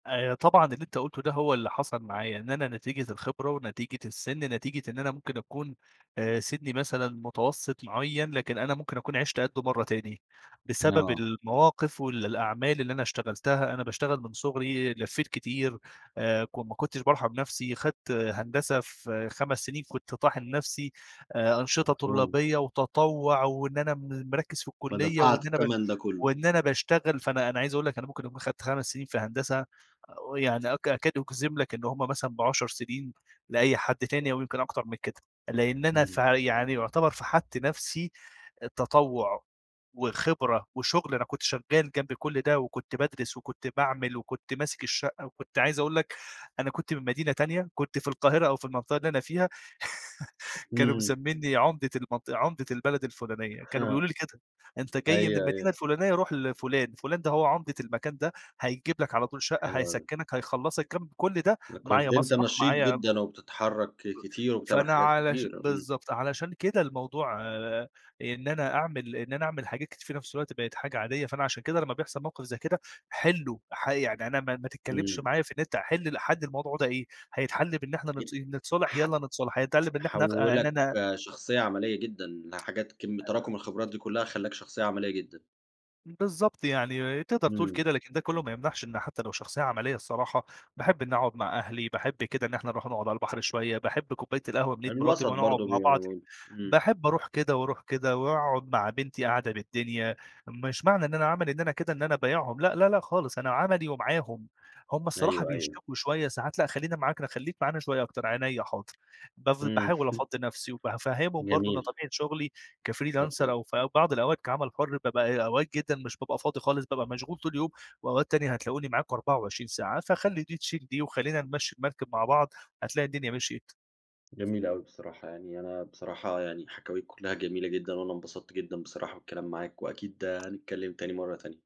آآ، طبعًا اللي أنت قُلته ده هو اللي حصل معايا، إن أنا نتيجة الخبرة ونتيجة السن، نتيجة إن أنا ممكن أكون آآ، سني مثلًا متوسط معيّن، لكن أنا ممكن أكون عِشت قَده مرّة تاني بسبب آه. المواقف والأعمال اللي أنا اشتغلتها. أنا باشتغل من صغري لفيّت كتير آآ، كن ما كنتش بارحم نفسي، أخدت هندسة في 5 سنين، كنت طاحن نفسي آآ، أنشطة مفهوم. طلابية وتطوع وإن أنا م مركِز في الكلية فدفعت وإن أنا التمن ده كله. وإن أنا باشتغل. فأنا أنا عايز أقول لك أنا ممكن أكون أخدت 5 سنين في هندسة يعني أ أكاد أجزم لك إن هُم مثلًا ب10 سنين لأي حد تاني أو يمكن أكتر من كده. لأن أنا في إمم. يعني يعتبر فَحَت نفسي تطوع، وخبرة وشغل. أنا كنت شغال جنب كل ده وكنت بادرس وكنت باعمل وكنت ماسك الشقة وكنت عايز أقول لك، أنا كنت من مدينة تانية كنت في القاهرة أو في المنطقة اللي أنا فيها كانوا إمم. مسمييني عمدة المنطق عمدة البلد الفلانية. كانوا بيقولوا لي كده: "أنت جاي من أيوه، المدينة أيوه. الفلانية؟ روح لفلان. فلان ده هو عمدة المكان ده هيجيب لك على طول شقة، حلو أوي. هيسكنك، هيخلصك." كم كل ده كنت معايا أنت مسرح نشيط معايا جدًا وبتتحرك [unintelligible] كتير وبتعمل فأنا حاجات علش كتيرة. إمم. بالضبط، علشان كده الموضوع آآ، إن أنا أعمل إن أنا أعمل حاجات كتير في نفس الوقت بقت حاجة عادية، فأنا عشان كده لمّا بيحصل موقف زي كده حِلُه ح يعني أنا ما ما تتكلمش إمم. معايا في أنت حِل حل الموضوع ده إيه؟ هيتحل بإن إحنا [unintelligible] نت نتصالح؟ ح يالّا نتصالح. هيتحل بإن إحنا إن حولّك أنا شخصية عملية جدًا لحاجات كم آآ تراكم الخبرات دي كلّها خلاك شخصية عملية جدًا. بالضبط يعني، تقدر تقول إمم. كده لكن ده كلّه ما يمنعش إنه حتى لو شخصية عملية الصراحة، باحب إني أقعد مع أهلي، باحب كده إن إحنا نروح نقعد على البحر شوية، باحب كوباية القهوة من إيد مراتي الوسط ونقعد برضه مع بيبقى بعض. [unintelligible] إمم. باحب أروح كده وأروح كده وأقعد مع بنتي قعدة بالدنيا، مش معنى إن أنا عملي إن أنا كده إن أنا بايعهم لأ لأ لأ، خالص، أنا عملي ومعاهم. هُم الصراحة أيوه، أيوه. بيشتكوا شوية ساعات لأ، خلّينا معاك، ن خليك معانا شوية أكتر، عينيا حاضر. بف امم. باحاول أفضّي نفسي وبافهمهم برضه إن جميل. طبيعة شغلي ما كفريلانسر بت أو في بعض الأوقات كعمل حُر بابقى أوقات جدًا مش بابقى فاضي خالص، بابقى مشغول طول اليوم وأوقات تانية هتلاقوني معاكم 24 ساعة. فخلّي دي تشيل دي وخلّينا نمشّي المركب مع بعض هتلاقي الدنيا مشيت. جميل أوي بصراحة يعني، أنا بصراحة يعني حكاويك كلّها جميلة جدًا، وأنا انبسطت جدًا بصراحة بالكلام معاك وأكيد هنتكلّم تاني مرّة تانية.